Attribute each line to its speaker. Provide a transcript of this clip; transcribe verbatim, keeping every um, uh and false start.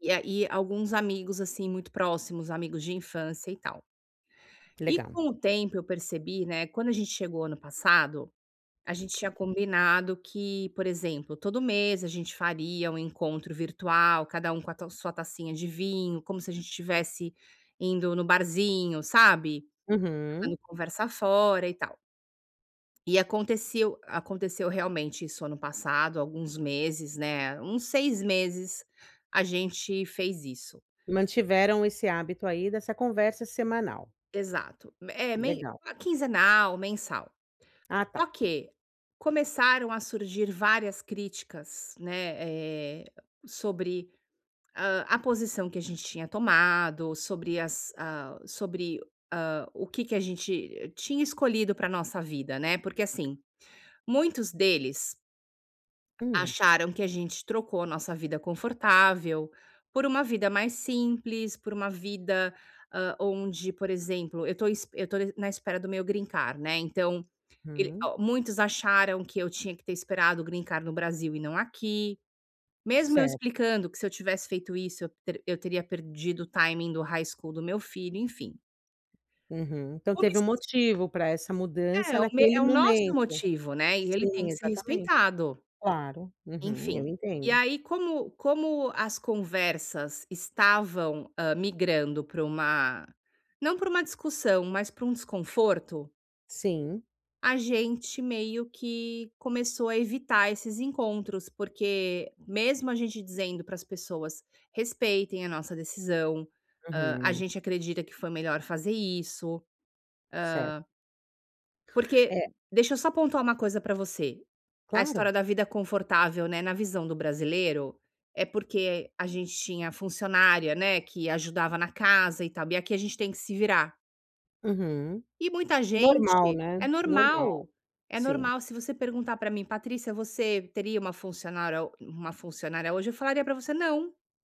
Speaker 1: E a e alguns amigos, assim, muito próximos, amigos de infância e tal.
Speaker 2: Que
Speaker 1: E
Speaker 2: legal.
Speaker 1: com o tempo eu percebi, né, quando a gente chegou ano passado, a gente tinha combinado que, por exemplo, todo mês a gente faria um encontro virtual, cada um com a tal sua tacinha de vinho, como se a gente estivesse indo no barzinho, sabe, jogando
Speaker 2: Uhum.
Speaker 1: conversa fora e tal. E aconteceu aconteceu realmente isso ano passado, alguns meses, né, uns seis meses, a gente fez isso.
Speaker 2: Mantiveram esse hábito aí dessa conversa semanal.
Speaker 1: Exato. Me é, men
Speaker 2: Legal.
Speaker 1: ah, quinzenal, mensal.
Speaker 2: Ah,
Speaker 1: Só
Speaker 2: tá.
Speaker 1: que começaram a surgir várias críticas, né, eh, sobre, ah, a posição que a gente tinha tomado, sobre as ah, sobre, ah, o que que a gente tinha escolhido pra nossa vida, né. Porque, assim, muitos deles
Speaker 2: Hum.
Speaker 1: acharam que a gente trocou a nossa vida confortável, por uma vida mais simples, por uma vida, ah, onde, por exemplo, eu tô es eu tô n na espera do meu greencard, né. Então, el
Speaker 2: Hum.
Speaker 1: ó, muitos acharam que eu tinha que ter esperado o greencard no Brasil e não aqui. Mesmo eu
Speaker 2: Certo.
Speaker 1: explicando que se eu tivesse feito isso, eu teri eu teria perdido o timing do high school do meu filho, enfim.
Speaker 2: Uhum. Então
Speaker 1: Como
Speaker 2: teve um
Speaker 1: es
Speaker 2: motivo pra essa mudança,
Speaker 1: É o me é
Speaker 2: naquele
Speaker 1: o nosso
Speaker 2: momento.
Speaker 1: motivo, né, e ele tem
Speaker 2: Sim,
Speaker 1: que ser
Speaker 2: exatamente.
Speaker 1: respeitado.
Speaker 2: Claro. Uhum. Eu
Speaker 1: Enfim, e
Speaker 2: entendo.
Speaker 1: aí como como as conversas estavam, ah, migrando para uma não para uma discussão, mas para um desconforto
Speaker 2: Sim.
Speaker 1: a gente meio que começou a evitar esses encontros. Porque mesmo a gente dizendo para as pessoas "respeitem a nossa decisão, ah, a
Speaker 2: Uhum.
Speaker 1: gente acredita que foi melhor fazer isso".
Speaker 2: Certo.
Speaker 1: Ah porque
Speaker 2: É
Speaker 1: deixa eu só pontuar uma coisa pra você, a
Speaker 2: Claro.
Speaker 1: história da vida confortável, né, na visão do brasileiro, é porque a gente tinha funcionária, né, que ajudava na casa e tal. E aqui a gente tem que se virar.
Speaker 2: Uhum.
Speaker 1: E muita
Speaker 2: Normal,
Speaker 1: gente
Speaker 2: né.
Speaker 1: é
Speaker 2: Normal.
Speaker 1: normal, é
Speaker 2: Sim.
Speaker 1: normal. Se você perguntar, pra mim, "Patrícia, você teria uma funcionára ou uma funcionária hoje?" Eu falaria pra você: "Não".